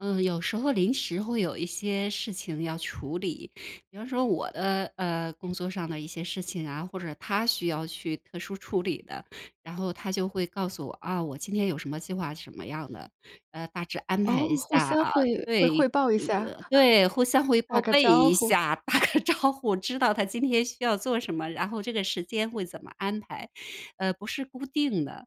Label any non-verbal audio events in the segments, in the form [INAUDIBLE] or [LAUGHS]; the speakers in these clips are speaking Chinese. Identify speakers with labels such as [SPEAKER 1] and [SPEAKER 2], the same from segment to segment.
[SPEAKER 1] 嗯，有时候临时会有一些事情要处理。比方说我的，呃，工作上的一些事情啊，或者他需要去特殊处理的，然后他就会告诉我，啊，我今天有什么计划，是什么样的，呃，大致安
[SPEAKER 2] 哦，
[SPEAKER 1] 排一下
[SPEAKER 2] 互相
[SPEAKER 1] 啊。
[SPEAKER 2] 会会汇
[SPEAKER 1] 对
[SPEAKER 2] 报一下。
[SPEAKER 1] 嗯，
[SPEAKER 2] [CHUCKLES]
[SPEAKER 1] 对，互相会
[SPEAKER 2] 打
[SPEAKER 1] 报
[SPEAKER 2] 个
[SPEAKER 1] 备
[SPEAKER 2] 招
[SPEAKER 1] 一
[SPEAKER 2] 呼。
[SPEAKER 1] 下，打个招呼，知道他今天需要做什么，然后这个时间会怎么安排。呃，不是固定的。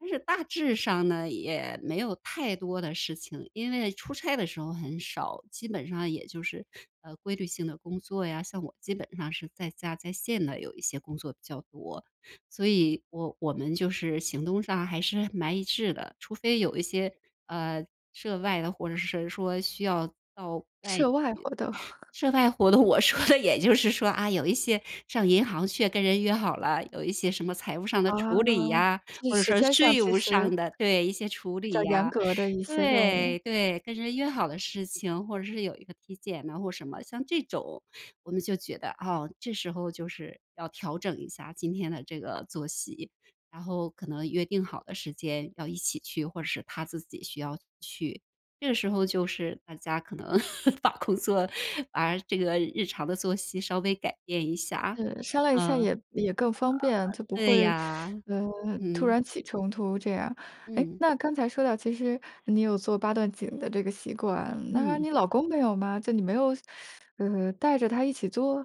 [SPEAKER 1] 但是大致上呢，也没有太多的事情，因为出差的时候很少，基本上也就是，呃，规律性的工作呀，像我基本上是在家、在线的有一些工作比较多。所以我我们就是行动上还是蛮一致的，除非有一些，呃，涉外的或者是谁说需要到外地。
[SPEAKER 2] 涉外活动。[CHUCKLES]
[SPEAKER 1] 涉外活动，我说的也就是说，啊，有一些上银行去，跟人约好了，有一些什么财务上的
[SPEAKER 2] 啊，
[SPEAKER 1] 处理呀，
[SPEAKER 2] 就是
[SPEAKER 1] 或者
[SPEAKER 2] 时
[SPEAKER 1] 说
[SPEAKER 2] 间上
[SPEAKER 1] 税
[SPEAKER 2] 其
[SPEAKER 1] 务
[SPEAKER 2] 实
[SPEAKER 1] 上的对，一些处
[SPEAKER 2] 比较
[SPEAKER 1] 理
[SPEAKER 2] 严
[SPEAKER 1] 呀。
[SPEAKER 2] 格的一些任务。
[SPEAKER 1] 对对，跟人约好的事情，或者是有一个体检啊，或者什么。像这种，我们就觉得，啊，这时候就是要调整一下今天的这个作息，然后可能约定好的时间要一起去，或者是他自己需要去。这个时候就是大家可能 [LAUGHS] 把工作把这个日常的作息稍微改变一下，
[SPEAKER 2] 是，商量一
[SPEAKER 1] 嗯。
[SPEAKER 2] 下
[SPEAKER 1] 呃，
[SPEAKER 2] 也也更方便，就不
[SPEAKER 1] 对
[SPEAKER 2] 会，
[SPEAKER 1] 呀，
[SPEAKER 2] 呃，突
[SPEAKER 1] 嗯。
[SPEAKER 2] 然起冲突这样。哎，
[SPEAKER 1] 嗯。
[SPEAKER 2] 那刚才说到其实你有做八段锦的这个习惯，那
[SPEAKER 1] 嗯。
[SPEAKER 2] 你老公没有吗？就你没有，[SUCKS TEETH] 呃，带着他一起做？